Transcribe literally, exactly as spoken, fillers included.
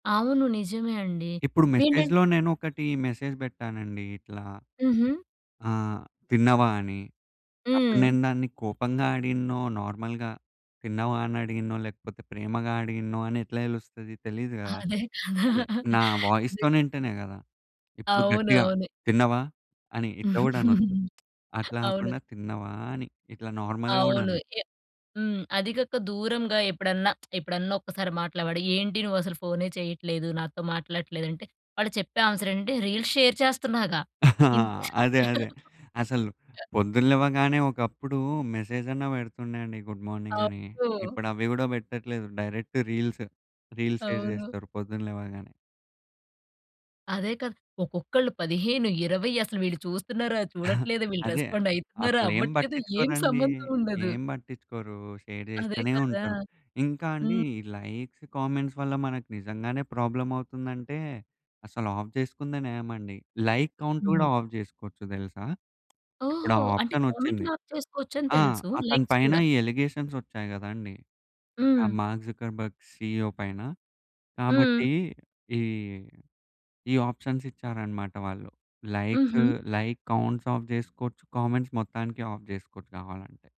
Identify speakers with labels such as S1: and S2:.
S1: అవును. నిజమే అండి.
S2: ఇప్పుడు
S1: వేంటం
S2: మెసేజ్‌లో నేనొకటి మెసేజ్ పెట్టానండి ఇట్లా.
S1: హుహు.
S2: ఆ! తిన్నావా అని. అప్పుడు
S1: హ్మ్.
S2: నేను దాన్ని కోపంగా అడిగిననో, నార్మల్‌గా తిన్నావా అని అడిగిననో లేకపోతే ప్రేమగా అడిగినో అని ఎట్లా తెలుస్తది? తెలీదు గదా!
S1: అదే కదా!
S2: అదే నా
S1: నిజంగా
S2: వాయిస్‌తోని వింటేనే గదా! ఇప్పుడు
S1: అవును,
S2: గట్టిగా
S1: అవును.
S2: తిన్నావా అని ఇట్లా గూడా అనొచ్చు. అట్లా
S1: అవును.
S2: కాకుండా తిన్నావా అని ఇట్లా నార్మల్‌గా గూడా
S1: అవును.
S2: అనొచ్చు.
S1: ఎ హ్మ్. అది గాక దూరంగా ఎప్పుడన్నా ఎప్పుడన్నా ఒక్కసారి మాట్లావడి, "ఏంటి నువ్వసలు ఫోనే చెయ్యట్లేదు. నాతో మాట్లాడట్లేదు" అంటే వాళ్ళు చెప్పే ఆన్సర్ ఏంటంటే, "రీల్స్ షేర్ చేస్తున్నాగా".
S2: ఆ!
S1: ఇన్
S2: అదే అదే. అసలు పొద్దున లెవ్వగానే ఒకప్పుడు మెసేజ్ అన్న పెడుతుండే అండి గుడ్ మార్నింగ్ అని.
S1: అవును.
S2: ఇప్పుడు అవి గూడా పెట్టట్లేదు. Direct reels. రీల్స్ షేర్
S1: అవును.
S2: చేస్తరు పొద్దున్న లేవంగానే.
S1: అదే కదా! ఒక్కొక్కళ్ళు పదిహేను, ఇరవై అసలు వీళ్ళు చూస్తున్నారా, చూడట్లేదా, వీళ్ళు
S2: అదే.
S1: రెస్పాండ్ అయితున్నారా,
S2: అసలేం
S1: అవ్వట్లేదు ఏం
S2: పట్టించుకోరండి.
S1: సంబంధం ఉండదు.
S2: ఏం పట్టించుకోరు. షేర్
S1: అదే
S2: జేస్తనే
S1: కదా!
S2: ఉంటరు. ఇంకా అండి
S1: హ్మ్.
S2: ఈ లైక్స్, కామెంట్స్ వల్ల మనకు నిజంగానే ప్రాబ్లమ్ అవుతుందంటే అసలు ఆఫ్ జేసుకుందే నయమండి. లైక్ కౌంట్ కూడా
S1: హ్మ్.
S2: ఆఫ్ చేసుకోవచ్చు తెలుసా? ఇప్పుడు
S1: ఓహో!
S2: ఆ
S1: అంటే
S2: ఆప్షన్
S1: కామెంట్
S2: వచ్చింది.
S1: లాక్ చేసుకోవచ్చు అని
S2: ఆ!
S1: తెల్సు.
S2: అతని
S1: లైక్స్
S2: పైన
S1: కూడా!
S2: ఈ అలిగేషన్స్ వచ్చాయి గదండీ. ఆ
S1: హ్మ్.
S2: మార్క్ జుకర్బర్గ్ సిఇఒ పైన.
S1: హ్మ్.
S2: కాబట్టి ఈ ఈ ఆప్షన్స్ ఇచ్చారన్నమాట వాళ్ళు. లైక్స్,
S1: హుహు.
S2: లైక్ కౌంట్స్ ఆఫ్ చేసుకోవచ్చు. కామెంట్స్ మొత్తానికి ఆఫ్ జేసుకోవచ్చు గావాలంటే.